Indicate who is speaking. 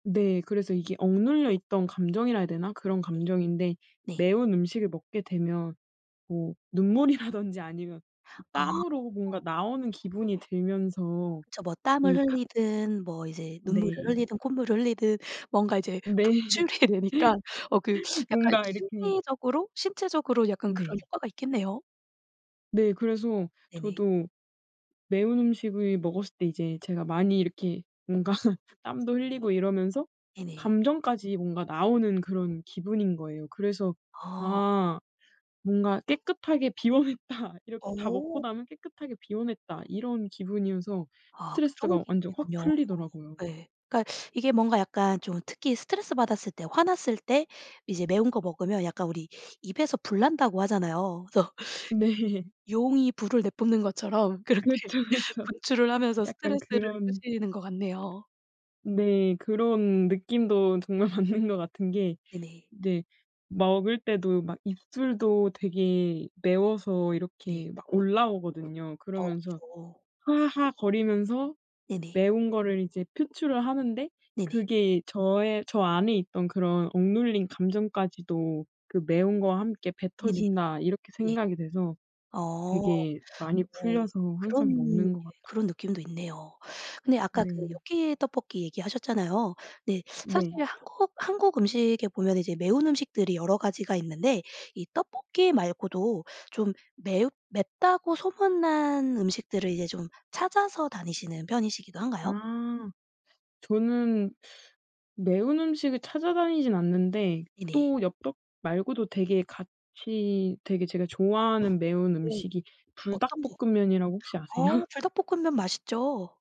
Speaker 1: 네. 그래서 이게 억눌려 있던 감정이라 해야 되나 그런
Speaker 2: 네.
Speaker 1: 감정인데
Speaker 2: 네.
Speaker 1: 매운 음식을 먹게 되면 뭐 눈물이라든지 아니면 이
Speaker 2: 어.
Speaker 1: 땀으로 뭔가 나오는 기분이 들면서
Speaker 2: 그쵸. 뭐 땀을
Speaker 1: 이 캅
Speaker 2: 흘리든 뭐 이제 눈물을
Speaker 1: 네.
Speaker 2: 흘리든 콧물을 흘리든 뭔가 이제
Speaker 1: 네.
Speaker 2: 분출이 되니까 어 그 약간
Speaker 1: 뭔가 이렇게
Speaker 2: 심리적으로 신체적으로 약간 그런
Speaker 1: 네.
Speaker 2: 효과가 있겠네요.
Speaker 1: 네. 그래서
Speaker 2: 네네.
Speaker 1: 저도 매운 음식을 먹었을 때 이제 제가 많이 이렇게 뭔가 땀도 흘리고 이러면서
Speaker 2: 네네.
Speaker 1: 감정까지 뭔가 나오는 그런 기분인 거예요. 그래서
Speaker 2: 아.
Speaker 1: '아 뭔가 깨끗하게 비워냈다.' 이렇게 다 먹고
Speaker 2: 어.
Speaker 1: 나면 '깨끗하게 비워냈다.' 이런 기분이어서
Speaker 2: 아 그런
Speaker 1: 스트레스가 완전 확
Speaker 2: 기분이군요.
Speaker 1: 풀리더라고요.
Speaker 2: 예. 그러니까 이게 뭔가 약간 좀 특히 스트레스 받았을 때, 화났을 때 이제 매운 거 먹으면 약간 우리 "입에서 불난다."고 하잖아요. 그래서
Speaker 1: 네.
Speaker 2: 용이 불을 내뿜는 것처럼 그렇게
Speaker 1: 그쵸, 그쵸.
Speaker 2: 분출을 하면서
Speaker 1: 약간
Speaker 2: 스트레스를
Speaker 1: 그런
Speaker 2: 푸시는 것 같네요.
Speaker 1: 네. 그런 느낌도 정말 맞는 것 같은 게
Speaker 2: 네네.
Speaker 1: 네. 먹을 때도 막 입술도 되게 매워서
Speaker 2: 네.
Speaker 1: 이렇게 막 올라오거든요.
Speaker 2: 어
Speaker 1: 그러면서
Speaker 2: 그쵸.
Speaker 1: "하하." 거리면서
Speaker 2: 네네.
Speaker 1: 매운 거를 이제 표출을 하는데
Speaker 2: 네네.
Speaker 1: 그게 '저의 저 안에 있던 그런 억눌린 감정까지도 그 매운 거와 함께
Speaker 2: 네네.
Speaker 1: 뱉어진다.' 이렇게
Speaker 2: 네.
Speaker 1: 생각이 돼서
Speaker 2: 어
Speaker 1: 되게 많이
Speaker 2: 어
Speaker 1: 풀려서 항상
Speaker 2: 그런 예
Speaker 1: 먹는 것 같아요.
Speaker 2: 그런 느낌도 있네요. 근데 아까 그
Speaker 1: 네.
Speaker 2: 엽기 떡볶이 얘기 하셨잖아요. 네. 사실
Speaker 1: 네.
Speaker 2: 한국 한국 음식에 보면은 이제 매운 음식들이 여러 가지가 있는데 이 떡볶이 말고도 좀 매웁 맵다고 소문난 음식들을 이제 좀 찾아서 다니시는 편이시기도 한가요?
Speaker 1: 아 저는 매운 음식을 찾아다니지는 않는데
Speaker 2: 네네.
Speaker 1: 또 엽떡 말고도 되게 같이 되게 제가 좋아하는 매운
Speaker 2: 어우
Speaker 1: 음식이
Speaker 2: 어떤 거?
Speaker 1: 불닭볶음면이라고 혹시
Speaker 2: 어우
Speaker 1: 아세요?
Speaker 2: 불닭볶음면 맛있죠.